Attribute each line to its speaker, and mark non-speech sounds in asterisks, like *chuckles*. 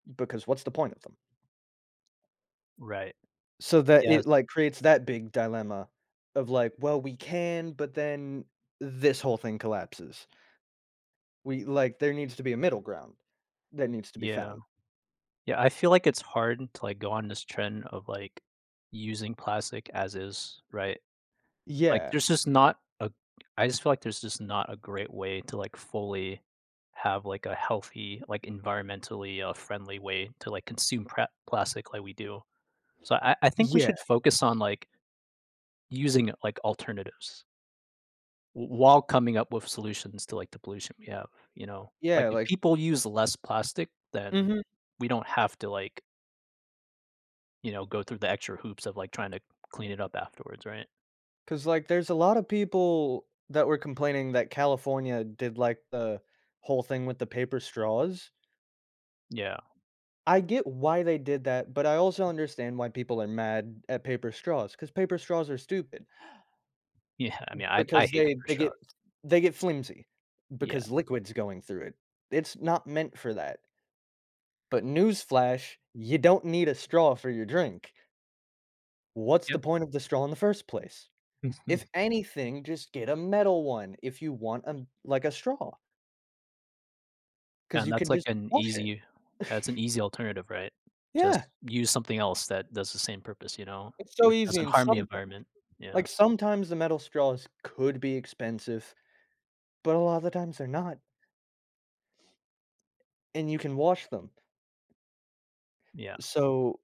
Speaker 1: Because what's the point of them?
Speaker 2: Right.
Speaker 1: So that
Speaker 2: Yes.
Speaker 1: it, like, creates that big dilemma of like, "Well, we can, but then this whole thing collapses." We like, there needs to be a middle ground that needs to be
Speaker 2: Yeah.
Speaker 1: found.
Speaker 2: Yeah, I feel like it's hard to, like, go on this trend of, like, using plastic as is, right? Like
Speaker 1: Yeah.
Speaker 2: there's just not a I just feel like there's just not a great way to, like, fully have, like, a healthy, like, environmentally, uh, friendly way to, like, consume pra plastic like we do. So I I think we
Speaker 1: Yeah.
Speaker 2: should focus on, like using it like alternatives. W while coming up with solutions to, like, the pollution we have, you know? Like,
Speaker 1: Yeah,
Speaker 2: if
Speaker 1: like
Speaker 2: people use less plastic, then
Speaker 1: Mhm.
Speaker 2: we don't have to like you know, go through the extra hoops of, like, trying to clean it up afterwards, right?
Speaker 1: 'Cause, like, there's a lotta people that were complaining that California did, like, the whole thing with the paper straws.
Speaker 2: Yeah.
Speaker 1: I get why they did that, but I also understand why people are mad at paper straws, cause paper straws are stupid.
Speaker 2: Yeah, I mean, I I
Speaker 1: Because
Speaker 2: hate
Speaker 1: they
Speaker 2: paper
Speaker 1: they
Speaker 2: straws.
Speaker 1: get f they get flimsy,
Speaker 2: Yeah
Speaker 1: because liquids going through it. It's not meant for that. But, news flash, you don't need a straw for your drink. What's
Speaker 2: Yeah.
Speaker 1: the point of the straw in the first place? If
Speaker 2: Mhm.
Speaker 1: anything, just get a metal one, if you want a like, a straw. 'Cause
Speaker 2: And
Speaker 1: you can
Speaker 2: that's like
Speaker 1: just
Speaker 2: an
Speaker 1: wash it.
Speaker 2: easy yeah, it's an
Speaker 1: *chuckles*
Speaker 2: easy alternative, right? Just
Speaker 1: Yeah.
Speaker 2: use something else that does the same purpose, you know?
Speaker 1: It's so
Speaker 2: Which
Speaker 1: easy
Speaker 2: doesn't
Speaker 1: and
Speaker 2: harm the
Speaker 1: some
Speaker 2: environment, yeah.
Speaker 1: like, sometimes the metal straws could be expensive. But a lotta the times they're not. And you can wash them.
Speaker 2: Yeah.
Speaker 1: So